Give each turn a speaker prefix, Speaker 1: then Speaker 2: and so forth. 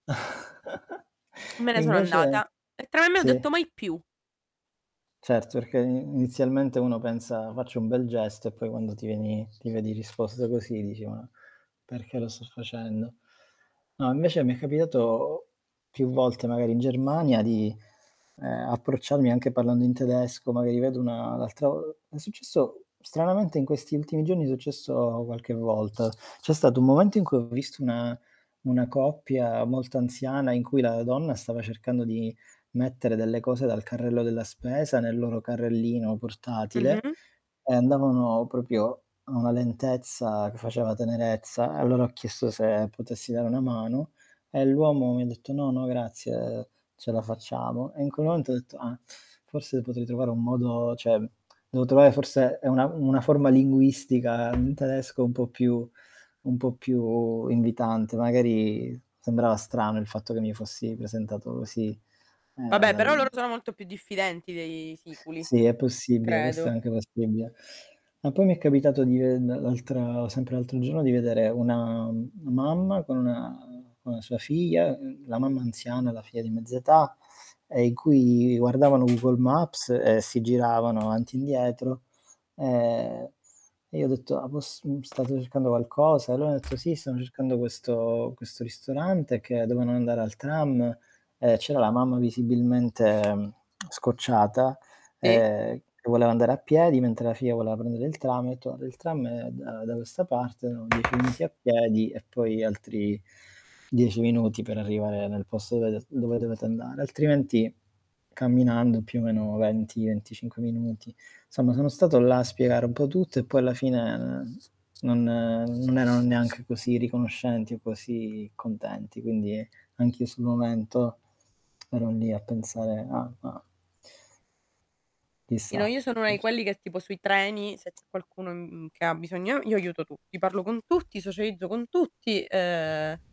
Speaker 1: Me ne sono
Speaker 2: Invece
Speaker 1: andata e tra me e me ho
Speaker 2: sì.
Speaker 1: detto: "Mai più."
Speaker 2: Certo, perché i inizialmente uno pensa:" Faccio un bel gesto", e poi quando ti vieni ti vedi risposto così dici: "Ma perché lo sto facendo?" No, invece mi è capitato più volte, magari in Germania di, ehm, approcciarmi anche parlando in tedesco, magari vedo una un' l'altro è successo stranamente in questi ultimi giorni, è successo qualche volta. C'è stato un momento in cui ho visto una una coppia, molto anziana, in cui la donna stava cercando di mettere delle cose dal carrello della spesa nel loro carrellino portatile,
Speaker 1: Mh-mh.
Speaker 2: e andavano proprio a una lentezza che faceva tenerezza, e allora ho chiesto se potessi dare una mano, e l'uomo mi ha detto:" No no grazie ce la facciamo", e in quel momento ho detto:" Ah, forse potrei trovare un modo", cioè dovevo trovare forse ehm, una una forma linguistica in tedesco un po' più un po' più invitante, magari sembrava strano il fatto che mi fossi presentato così, ehm,
Speaker 1: Vabbè, però loro
Speaker 2: dal
Speaker 1: sono molto più diffidenti dei siculi,
Speaker 2: Sì è possibile, questo è
Speaker 1: credo.
Speaker 2: anche possibile. Ma poi mi è capitato di, ehm l'altra sempre l'altro giorno, di vedere una mamma con con, mhmm, con sua figlia, la mamma anziana, la figlia di mezza età, ehm, in cui guardavano Google Maps e si giravano avanti e indietro, ehm, e io ho detto: "Ah poss mhmm, state cercando qualcosa?", e loro hanno detto:" Sì, stiamo cercando questo questo ristorante", che dovevano andare al tram e c'era la mamma visibilmente scocciata,
Speaker 1: Ti.
Speaker 2: ehm, che voleva andare a piedi, mentre la figlia voleva prendere il tram e ho detto:" Il tram è, ehm, da questa parte, erano 10 minuti a piedi e poi altri 10 minuti per arrivare nel posto dove dove dovete andare, altrimenti camminando più o meno 20, 25 minuti", insomma sono stato là a spiegare un po' tutto e poi alla fine n non non erano neanche così riconoscenti o così contenti. Quindi anch'io sul momento, ero lì a pensare ah ah
Speaker 1: Io no
Speaker 2: Chissà,.
Speaker 1: io sono una di
Speaker 2: [unintelligible]
Speaker 1: quelli che tipo sui treni se c'è qualcuno, mhmm, che ha bisogno, io aiuto tutti, parlo con tutti, socializzo con tutti, ehm